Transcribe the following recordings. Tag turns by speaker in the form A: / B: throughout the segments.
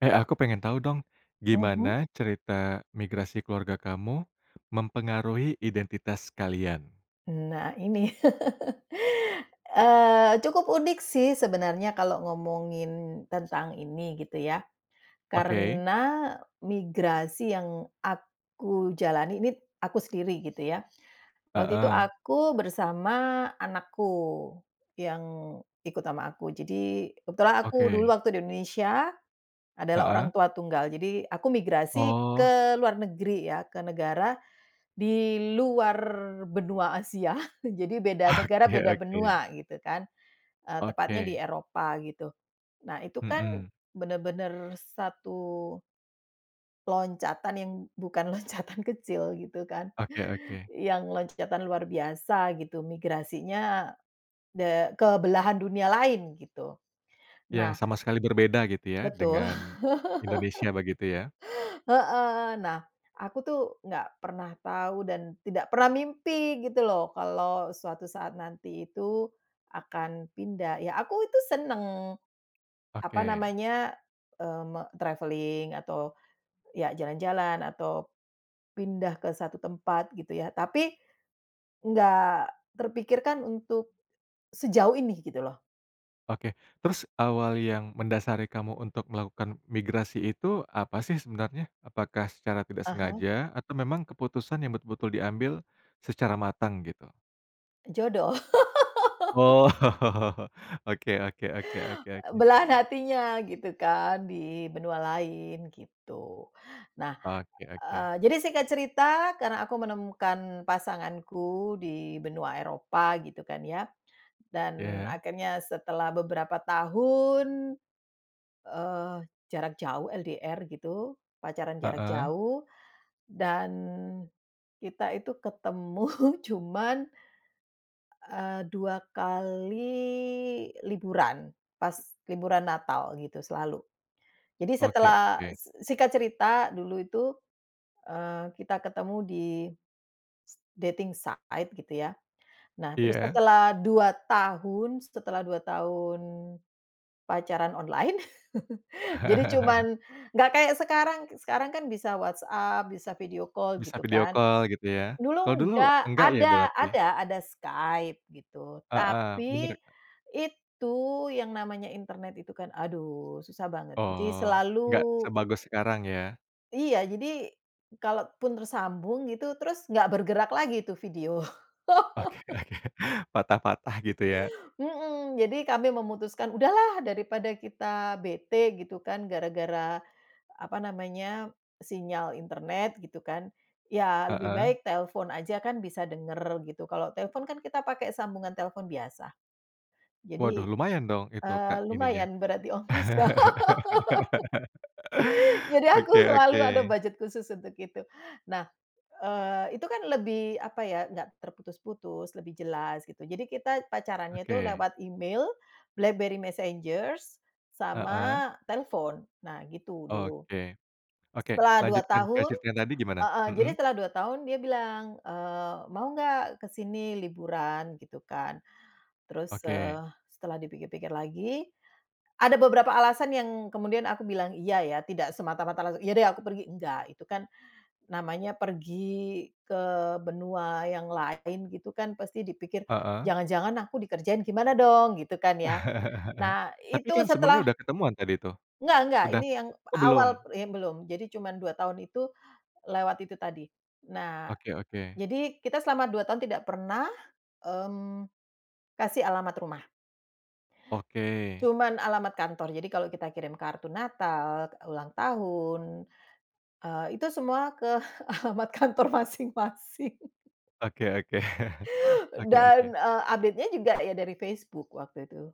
A: Eh, aku pengen tahu dong,
B: Mhm.
A: gimana cerita migrasi keluarga kamu, mempengaruhi identitas kalian?
B: Nah, ini. Eee, cukup unik sih, sebenarnya, kalo ngomongin tentang ini, gitu ya.
A: Oke.
B: Karena, migrasi yang aku jalani ini, aku sendiri, gitu ya. Waktu itu
A: Heeh.
B: aku bersama anakku, yang ikut ama aku. Jadi, kebetulan aku, dulu
A: Oke.
B: waktu di Indonesia, adalah orang
A: Heeh.
B: tua tunggal. Jadi, aku migrasi
A: Oh.
B: ke luar negeri ya, ke negara di luar benua Asia. Jadi beda negara,
A: Oke
B: beda
A: oke.
B: benua, gitu kan. Eee, tepatnya di
A: Oke.
B: Eropa, gitu. Nah, itu kan,
A: Mhm.
B: bener-bener satu loncatan, yang bukan loncatan kecil, gitu kan.
A: Oke oke.
B: Yang loncatan luar biasa, gitu, migrasinya de ke belahan dunia lain, gitu.
A: Yang
B: Nah
A: sama sekali berbeda gitu ya,
B: Betul.
A: dengan Indonesia, begitu ya?
B: Heeh. Nah, aku tuh, nggak pernah tahu, dan tidak pernah mimpi, gitu loh, kalo suatu saat nanti itu, akan pindah. Ya, aku itu seneng. Apa
A: Oke.
B: namanya? Eee, me travelling, atau, ya jalan-jalan, atau pindah ke 1 tempat, gitu ya. Tapi, nggak terpikirkan untuk, sejauh ini, gitu loh.
A: Oke. Terus, awal yang mendasari kamu untuk melakukan migrasi itu, apa sih, sebenarnya? Apakah secara tidak
B: Ah hah.
A: sengaja, atau memang keputusan yang betul-betul diambil, secara matang, gitu?
B: Jodoh.
A: Oh. Oke oke oke oke
B: Eee,
A: oke.
B: belahan hatinya, gitu kan, di benua lain, gitu. Nah,
A: Oke oke.
B: eee, jadi singkat cerita, karena aku menemukan pasanganku di benua Eropa, gitu kan, ya. Dan,
A: Ya?
B: akhirnya, setelah beberapa tahun, eee, jarak jauh, LDR, gitu, pacaran jarak
A: Heeh.
B: jauh, dan kita itu ketemu cuman, eee, 2 kali liburan. Pas liburan Natal, gitu, selalu. Jadi
A: Oke
B: setelah
A: oke.
B: s singkat cerita, dulu itu, eee, kita ketemu di s dating site, gitu ya. Nah, terus
A: Iya.
B: setelah 2 tahun, setelah 2 tahun pacaran online, jadi cuman nggak kayak sekarang. K sekarang kan bisa WhatsApp, bisa video call,
A: Bisa
B: gitu
A: video
B: kan.
A: call, gitu ya. Kalau
B: Dulu
A: dulu,
B: nggak.
A: enggak ya,
B: Ada
A: berarti, ya?
B: ada ada Skype, gitu.
A: Heeh.
B: Tapi,
A: Bener, Kak.
B: itu yang namanya internet itu kan, aduh, susah banget. Jadi
A: Oh,
B: selalu
A: nggak sebagus sekarang, ya?
B: Iya, jadi, kalaupun tersambung, gitu, terus, nggak bergerak lagi itu video.
A: Oke oke. Patah-patah, gitu ya?
B: Mhm. Jadi kami memutuskan, "Udahlah! Daripada kita bete," gitu kan, "gara-gara," apa namanya, "sinyal internet," gitu kan. "Ya, lebih
A: Heeh.
B: baik telfon aja kan bisa denger," gitu. Kalo telpon kan kita pake sambungan telpon biasa.
A: Waduh,
B: Jadi,
A: lumayan dong, itu,
B: eee,
A: Kak, ininya?
B: lumayan, berat di ongkos. Loh? Jadi aku
A: Oke oke.
B: selalu ada budget khusus untuk itu. Nah, eee, itu kan lebih, apa ya, nggak terputus-putus, lebih jelas, gitu. Jadi kita pacarannya tuh
A: Oke.
B: lewat email, BlackBerry Messenger,
A: Heeh.
B: sama telfon. Nah, gitu, dulu.
A: Oke. Oke,
B: Setelah 2
A: lanjutkan
B: tahun
A: kwestisnya tadi gimana?
B: heeh. Jadi
A: Mhm.
B: setelah 2 tahun, dia bilang. Eee, "Mau nggak, ke sini, liburan?" Gitu kan. Terus,
A: Oke.
B: eee, setelah dipikir-pikir lagi, ada beberapa alasan yang kemudian aku bilang "iya", ya. Tidak semata-mata langsung, "Iya deh, aku pergi," enggak. Itu kan, namanya pergi ke benua yang lain, gitu kan, pasti dipikir,
A: Heeh.
B: "Jangan-jangan aku dikerjain, gimana dong?" Gitu kan, ya. Nah,
A: Tapi
B: itu
A: kan, sebelumnya
B: setelah
A: udah ketemuan, tadi tuh?
B: Nggak nggak,
A: Udah
B: ini yang
A: oh,
B: awal
A: belum?
B: ini belum. Jadi cuman 2 tahun itu, lewat itu tadi. Nah,
A: Oke oke.
B: jadi, kita selama 2 tahun tidak pernah, mmm, kasih alamat rumah.
A: Oke.
B: Cuman alamat kantor. Jadi kalo kita kirim kartu natal, k ulang tahun, eee, itu semua ke alamat kantor masing-masing.
A: Oke oke. Oke oke.
B: Dan, eee, update-nya juga, ya dari Facebook, waktu itu,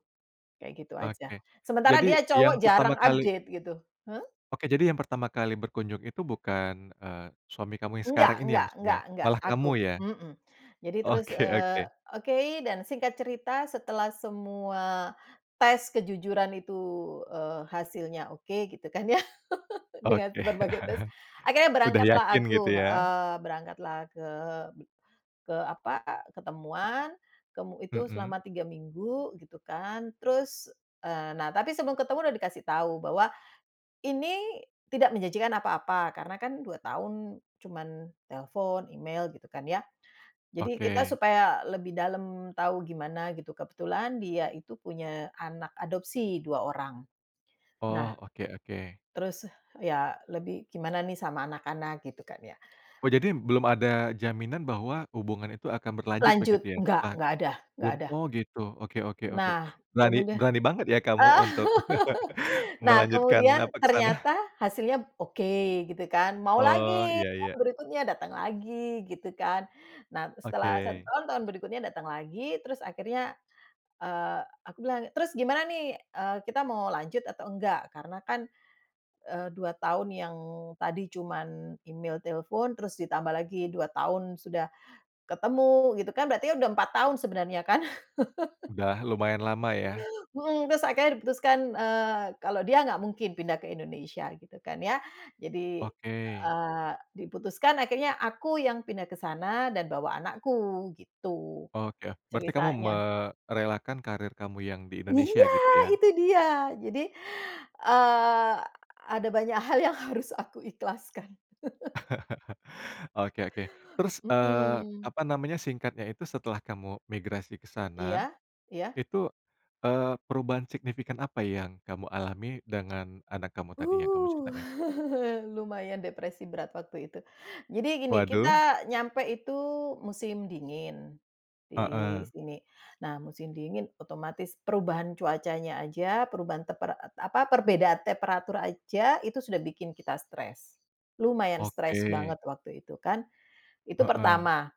B: kayak gitu aja.
A: Oke.
B: Sementara
A: Jadi,
B: dia cowok,
A: yang pertama
B: jarang
A: kali
B: update, gitu. Hah?
A: Oke, jadi yang pertama kali berkunjung itu bukan, eee, suami kamu yang sekarang
B: Enggak
A: ini, ya,
B: enggak
A: maksudnya?
B: enggak enggak.
A: Malah
B: Aku.
A: kamu, ya?
B: Mhm. Jadi terus,
A: Oke
B: eee,
A: oke.
B: oke, dan singkat cerita, setelah semua tes kejujuran itu, eee, hasilnya oke, gitu kan, ya. Dengan
A: Oke.
B: berbagai tes, akhirnya
A: Udah
B: berangkatlah
A: yakin,
B: aku,
A: gitu ya.
B: heeh. Berangkatlah ke be ke apa, ketemuan, kemu itu
A: Mhm.
B: selama 3 minggu, gitu kan. Terus, eee, nah tapi, sebelum ketemu udah dikasih tau, bahwa, "Ini tidak menjanjikan apa-apa." Karena kan 2 tahun cuman telfon, email, gitu kan, ya. Jadi, kita
A: Oke.
B: supaya lebih dalam tau gimana, gitu. Kebetulan, dia itu punya anak adopsi, 2 orang. Nah,
A: Oh. Oke oke.
B: terus ya, lebih gimana nih sama anak-anak, gitu kan, ya.
A: Oh, jadi, belum ada jaminan bahwa hubungan itu akan berlanjut, begitu
B: Lanjut.
A: ya?
B: Enggak
A: Setelah
B: enggak ada enggak
A: belum
B: ada.
A: oh, gitu. Oke oke oke.
B: Nah,
A: Berani
B: kemudia
A: berani banget, ya, kamu untuk,
B: Nah,
A: melanjutkan,
B: kemudian,
A: apa, ke sana.
B: ternyata hasilnya oke, gitu kan. Mau
A: Oh,
B: lagi,
A: iya
B: tahun
A: iya.
B: berikutnya, datang lagi, gitu kan. Nah, terus, setelah 1
A: Oke.
B: tahun, tahun berikutnya datang lagi, terus akhirnya, eee, aku bilang, "Terus, gimana nih, eee, kita mau lanjut atau enggak? Karena kan, eee, 2 tahun yang tadi cuman email, telfon, terus ditambah lagi 2 tahun sudah ketemu, gitu kan, berarti ya udah 4 tahun, sebenarnya kan?
A: Udah lumayan lama, ya.
B: Mhm. Tus akhirnya diputuskan, eee, kalo dia nggak mungkin pindah ke Indonesia, gitu kan, ya. Jadi,
A: Oke.
B: eee, diputuskan, akhirnya aku yang pindah ke sana dan bawa anakku, gitu,
A: Oke, oh. Berarti kamu
B: ceritanya.
A: merelakan karir kamu yang di Indonesia,
B: Iya,
A: gitu ya?
B: itu dia. Jadi, eee, ada banyak hal yang harus aku ikhlaskan.
A: Oke oke. Terus, eee,
B: Mhm.
A: apa namanya, singkatnya itu, setelah kamu migrasi ke sana,
B: Iya? Iya?
A: itu, eee, perubahan signifikan apa yang kamu alami, dengan anak kamu tadi, yang kamu
B: Uh.
A: ceritain?
B: Lumayan depresi berat, waktu itu. Jadi gini,
A: Waduh.
B: kita nyampe itu musim dingin, di
A: Heeh.
B: sini. Nah, musim dingin, otomatis perubahan cuacanya aja, perubahan tempera et apa, perbedaan temperatur aja, itu sudah bikin kita stres. Lumayan stres
A: Oke.
B: banget, waktu itu, kan. Itu
A: Heeh.
B: pertama.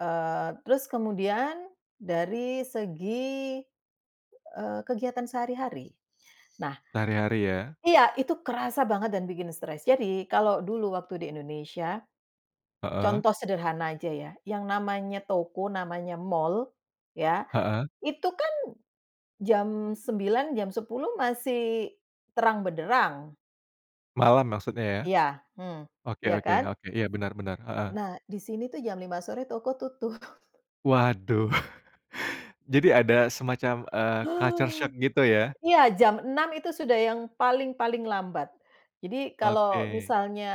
B: Eee, terus kemudian, dari segi, eee, kegiatan sehari-hari. Nah.
A: Sehari-hari, ya?
B: Iya, itu kerasa banget dan bikin stres. Jadi, kalo dulu waktu di Indonesia,
A: Heeh.
B: contoh sederhana aja ya, yang namanya toko, namanya mall, ya.
A: Heeh.
B: Itu kan jam 21.00, jam 22.00 masih terang benderang.
A: Malam maksudnya ya?
B: Iya, hmm,
A: Oke,
B: iya
A: oke,
B: kan?
A: oke, iya, benar-benar heeh.
B: Nah, di sini tuh jam 5:00 sore toko tutup.
A: Waduh, jadi ada semacam, eee, culture shock gitu ya?
B: Iya Jam 6:00 itu sudah yang paling, paling lambat. Jadi kalau
A: Oke.
B: misalnya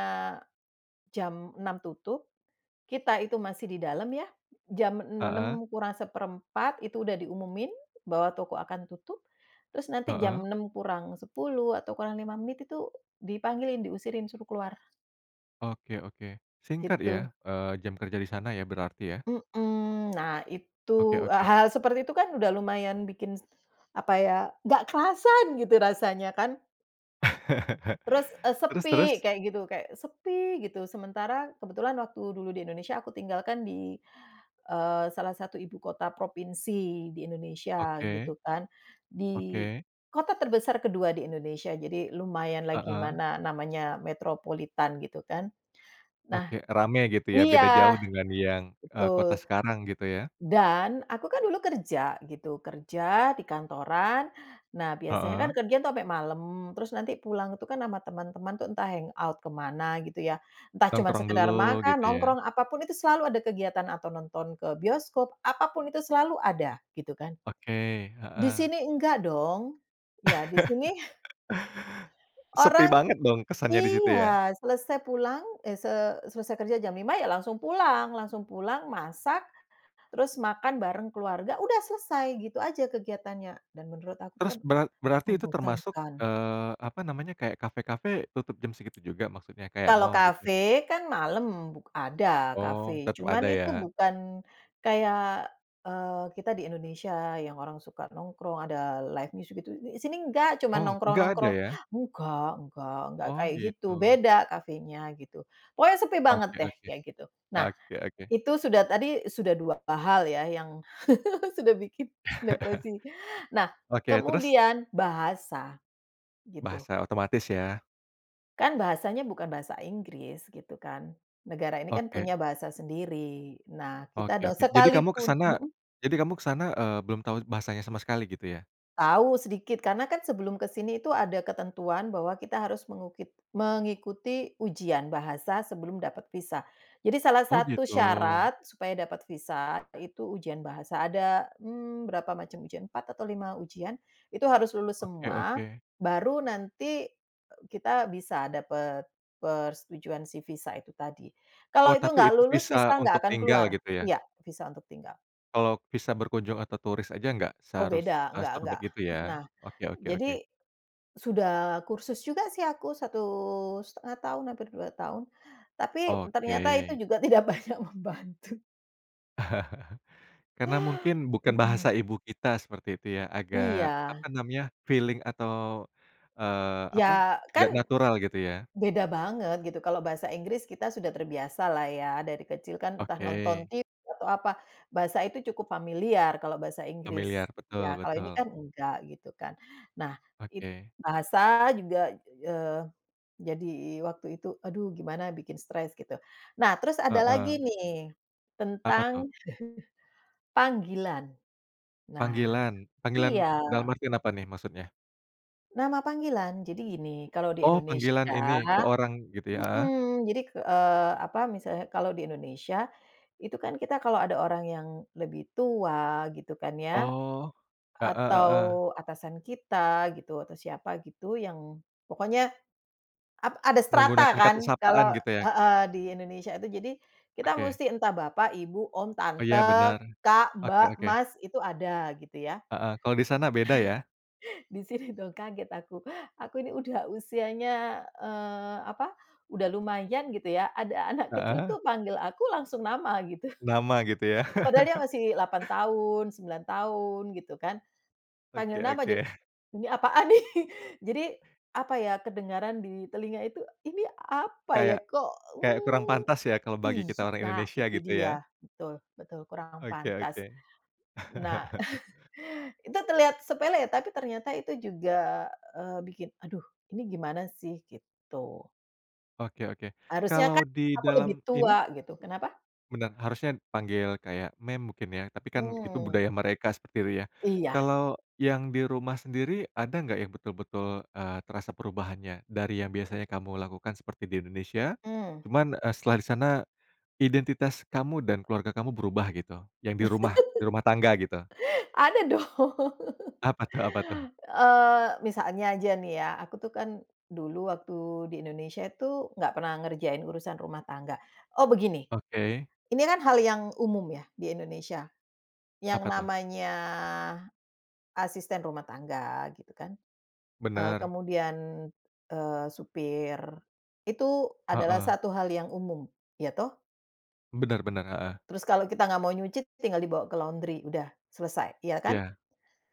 B: jam 6:00 tutup, kita itu masih di dalam ya, jam
A: Heeh.
B: 6:00 kurang 1/4 itu udah diumumin bahwa toko akan tutup. Terus nanti jam
A: Heeh.
B: 6:00 kurang 10 atau kurang 5 menit itu dipanggilin, diusirin suruh keluar.
A: Oke oke, singkat
B: Gitu.
A: ya? Eee, jam kerja di sana ya berarti ya?
B: Mmm, nah itu,
A: Oke
B: e
A: oke.
B: hal seperti itu kan udah lumayan bikin apa ya? Nggak kerasan gitu rasanya kan? Terus e
A: Terus
B: sepi,
A: terus?
B: kayak gitu kayak sepi gitu. Sementara kebetulan waktu dulu di Indonesia aku tinggal kan di, eee, salah satu ibu kota provinsi di Indonesia
A: Oke.
B: gitu kan. Di
A: Oke.
B: kota terbesar kedua di Indonesia. Jadi lumayanlah
A: Heeh.
B: gimana? Namanya metropolitan gitu kan. Nah
A: Oke. Rame gitu ya? Beda
B: iya,
A: jauh dengan yang, eee, kota
B: betul.
A: sekarang gitu ya?
B: Dan aku kan dulu kerja gitu, kerja di kantoran. Nah, biasanya kan
A: Heeh.
B: kerja tuh sampai malam, terus nanti pulang tuh kan sama teman-teman itu entah hang out ke mana gitu ya? Entah cuma
A: Nongkrong dulu,
B: sekedar makan,
A: gitu ya.
B: nongkrong apapun itu selalu ada kegiatan atau nonton ke bioskop, apa pun itu selalu ada gitu kan.
A: Oke,
B: Di
A: heeh.
B: sini nggak dong. Ya di sini
A: Sepi
B: orang
A: banget dong kesannya di situ ya?
B: iya, selesai pulang, eh, se selesai kerja jam 5:00 ya langsung pulang, langsung pulang masak, terus makan bareng keluarga. Udah selesai gitu aja kegiatannya dan menurut aku itu
A: Terus
B: kan
A: berart berarti itu termasuk,
B: membosankan.
A: eee, apa namanya? Kayak kafe-kafe tutup jam segitu juga maksudnya kayak
B: Kalau
A: mall gitu?
B: kafe kan malam, buk ada
A: Oh
B: kafe.
A: tetap
B: Cuma
A: ada
B: itu
A: ya?
B: bukan kayak, eee, kita di Indonesia yang orang suka nongkrong ada live music itu, eee, di sini enggak cuma
A: Oh nggak ada
B: nongkrong-nongkrong.
A: ya?
B: Nggak, nggak, nggak
A: Oh
B: kayak gitu.
A: gitu.
B: Beda kafenya gitu. Pokoknya sepi banget
A: Oke,
B: deh
A: oke.
B: kayak gitu. Nah,
A: Oke, oke.
B: Itu sudah tadi, sudah 2 hal ya yang, sudah bikin depresi. Nah,
A: Oke, terus?
B: kemudian bahasa gitu.
A: Bahasa otomatis ya.
B: Kan bahasanya bukan bahasa Inggris gitu kan. Negara ini kan punya
A: Oke.
B: bahasa sendiri. Nah, kita
A: Oke
B: dos
A: oke. Jadi kamu ke
B: sekalipun.
A: sana
B: Heeh.
A: jadi kamu ke sana, eee, belum tahu bahasanya sama sekali gitu ya?
B: Tahu sedikit, karena kan sebelum ke sini tu, ada ketentuan bahwa kita harus mengukit mengikuti ujian bahasa sebelum dapat visa. Jadi salah
A: Oh
B: satu
A: gitu.
B: syarat supaya dapat visa, itu ujian bahasa ada. Mmm, berapa macam ujian, 4 atau 5 ujian, itu harus lulus
A: Oke
B: semua,
A: oke.
B: baru nanti e kita bisa dapat persetujuan si visa itu tadi.
A: Oh
B: Kalau itu nggak
A: tapi itu
B: lulus, visa
A: visa
B: nggak
A: untuk
B: akan
A: tinggal
B: keluar
A: gitu ya?
B: iya, visa untuk tinggal.
A: Kalau visa berkunjung atau turis aja nggak
B: Oh
A: seharus
B: beda,
A: a
B: nggak
A: sam
B: nggak.
A: begitu ya?
B: Nah,
A: Oke oke
B: jadi
A: oke.
B: sudah kursus juga sih aku 1 1/2 hampir 2 tahun. Tapi ternyata itu
A: Oke.
B: juga tidak banyak membantu.
A: Karena mungkin bukan
B: Mhm.
A: bahasa ibu kita seperti itu ya agak apa
B: Iya.
A: namanya feeling atau, eee,
B: Ya
A: apa
B: kan.
A: tidak natural gitu ya.
B: Beda banget gitu kalo bahasa Inggris kita sudah terbiasa lah ya dari kecil kan entah nonton
A: Oke.
B: TV atau apa, bahasa itu cukup familiar kalo bahasa
A: Familiar
B: Inggris, iya
A: betul
B: kalau ini
A: betul.
B: kan nggak gitu kan nah it
A: Oke.
B: bahasa juga, eee, jadi waktu itu aduh gimana bikin stres gitu, nah terus ada lagi
A: Heeh.
B: nih,
A: Apa
B: tentang
A: tuh?
B: panggilan, nah
A: Panggilan panggilan
B: iya.
A: dalam artian apa nih maksudnya?
B: Nama panggilan jadi gini kalau di
A: Oh panggilan ini
B: Indonesia,
A: ke orang gitu ya? Heeh.
B: mhm, jadi, eee, apa misalnya kalau di Indonesia itu, kan kita kalo ada orang yang lebih tua gitu kan ya.
A: Oh, heeh heeh.
B: Atau atasan kita gitu atau siapa gitu yang pokoknya, ap ada strata
A: Menggunakan kata
B: kan
A: sapaan
B: kalo,
A: gitu ya?
B: heeh, di Indonesia itu jadi, kita
A: Oke.
B: musti entah bapak, ibu, om,
A: Iya
B: tante,
A: bener,
B: kak,
A: oke
B: mbak,
A: oke.
B: mas itu ada gitu ya.
A: Heeh, kalo di sana beda ya?
B: Di sini dong kaget aku aku ini udah usianya, eee, apa, udah lumayan gitu ya ada anak kecil
A: Heeh.
B: tuh panggil aku langsung nama gitu.
A: Nama gitu ya.
B: Padahal dia masih 8 tahun 9 tahun gitu kan, panggil
A: Oke
B: nama ja
A: oke.
B: ini apaan nih? Jadi apa ya kedengaran di telinga itu Ini apa ya
A: Kayak,
B: kok,
A: kayak kurang
B: mmm,
A: pantas ya kalau bagi
B: iy
A: kita orang
B: nah
A: Indonesia
B: itu
A: gitu ya.
B: dia, betul betul kurang
A: Oke oke.
B: pantas. Nah itu terlihat sepele tapi ternyata itu juga, eee, bikin aduh ini gimana sih? Gitu.
A: Oke oke
B: Harusnya
A: kalau
B: kan
A: di
B: aku
A: dalam
B: lebih
A: ini
B: tua gitu kenapa?
A: Bener harusnya panggil kayak ma'am mungkin ya tapi kan itu
B: Mmm.
A: budaya mereka seperti itu ya,
B: Iya.
A: kalau yang di rumah sendiri ada nggak yang betul-betul, eee, terasa perubahannya? Dari yang biasanya kamu lakukan seperti di Indonesia,
B: Mmm.
A: cuman, eee, setelah di sana, identitas kamu dan keluarga kamu berubah gitu? Yang di rumah di rumah tangga gitu.
B: Ada dong,
A: Apa tuh? Apa tuh?
B: eee, misalnya aja nih ya aku tuh kan, dulu waktu di Indonesia itu nggak pernah ngerjain urusan rumah tangga oh begini.
A: Oke.
B: Ini kan hal yang umum ya di Indonesia, yang
A: Apa tuh?
B: namanya, asisten rumah tangga gitu kan, eee,
A: Bener.
B: kemudian, eee, supir, itu adalah
A: Heeh.
B: 1 hal yang umum iya toh?
A: Bener bener, heeh.
B: Terus kalau kita nggak mau nyuci tinggal dibawa ke laundry. Udah selesai. Iya kan?
A: Ya.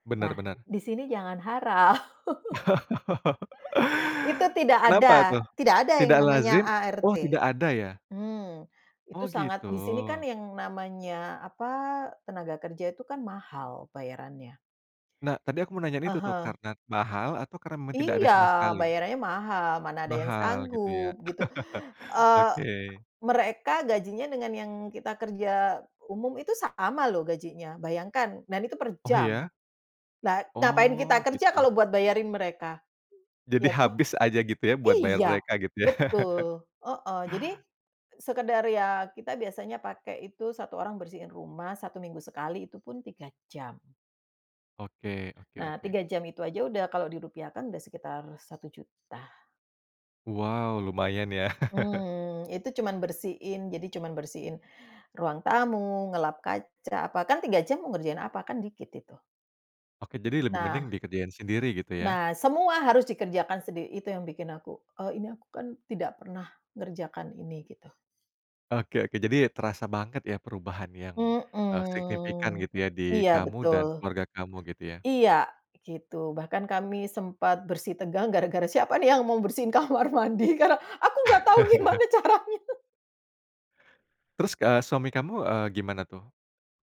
A: Bener
B: Nah,
A: bener.
B: di sini jangan harap. Itu tidak
A: Kenapa
B: ada
A: tuh
B: tidak ada yang
A: tidak
B: namanya
A: lazim oh
B: ART.
A: tidak ada ya?
B: Hmm, itu
A: Oh
B: sangat
A: gitu.
B: di sini kan yang namanya, apa, tenaga kerja itu kan mahal bayarannya.
A: Nah tadi aku mau nanyain
B: Ah
A: itu tuh,
B: hah.
A: karena mahal atau karena memang tidak ada
B: Iya,
A: sama sekali?
B: bayarannya mahal. Mana ada yang
A: Mahal gitu ya?
B: sanggup gitu. Eee,
A: Oke.
B: mereka gajinya dengan yang kita kerja umum itu sama loh gajinya. Bayangkan dan itu per
A: Oh
B: jam.
A: ya?
B: Nah ngapain kita
A: Oh
B: kerja
A: gitu.
B: kalau buat bayarin mereka?
A: Jadi
B: Iya toh?
A: habis aja gitu ya buat bayar
B: Iya,
A: mereka gitu ya?
B: betul, heeh. Jadi sekedar ya kita biasanya pakai itu 1 orang bersihin rumah 1 minggu sekali, itu pun 3 jam.
A: Oke, oke
B: Nah,
A: oke.
B: 3 jam itu aja udah kalau dirupiahkan sudah sekitar Rp1.000.000.
A: Wow lumayan ya?
B: Mmm, itu cuman bersihin jadi cuman bersihin ruang tamu, ngelap kaca bahkan 3 jam mau ngerjain apa? Kan dikit itu.
A: Oke, jadi lebih mending
B: Nah
A: dikerjain sendiri gitu ya?
B: Nah, semua harus dikerjakan sendiri. Itu yang bikin aku, eee, ini aku kan tidak pernah ngerjakan ini gitu.
A: Oke oke. Jadi ya terasa banget ya perubahan yang, eee, signifikan
B: Mhm.
A: gitu ya di
B: Iya
A: kamu
B: betul.
A: dan keluarga kamu gitu ya?
B: Iya gitu, bahkan kami sempat bersitegang gara-gara siapa nih yang mau bersihin kamar mandi? Karna aku nggak tau gimana caranya.
A: Terus, eee, suami kamu, eee, gimana tuh?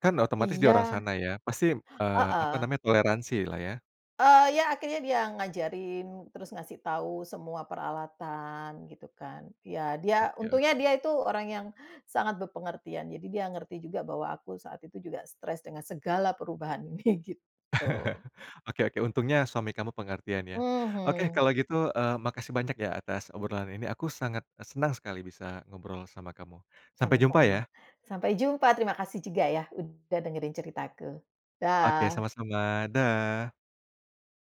A: Kan otomatis dia orang
B: Iya.
A: sana ya pasti, eee, apa
B: Heeh.
A: namanya, toleransilah ya?
B: Eee, ya akhirnya dia ngajarin, terus ngasih tau semua peralatan gitu kan. Ya dia,
A: Oke
B: untungnya
A: oke.
B: dia itu orang yang sangat bepengertian. Jadi dia ngerti juga bahwa aku saat itu juga stres dengan segala perubahan ini, gitu.
A: Oke oke, untungnya suami kamu pengertian ya. Oke
B: Mhm.
A: kalo gitu, eee, makasih banyak ya atas obrolan ini, aku sangat senang sekali bisa ngobrol sama kamu. Sampai jumpa
B: Sama-sama.
A: ya.
B: Sampai jumpa, terima kasih juga ya udah dengerin ceritaku.
A: Oke,
B: Dah.
A: sama-sama. Dah.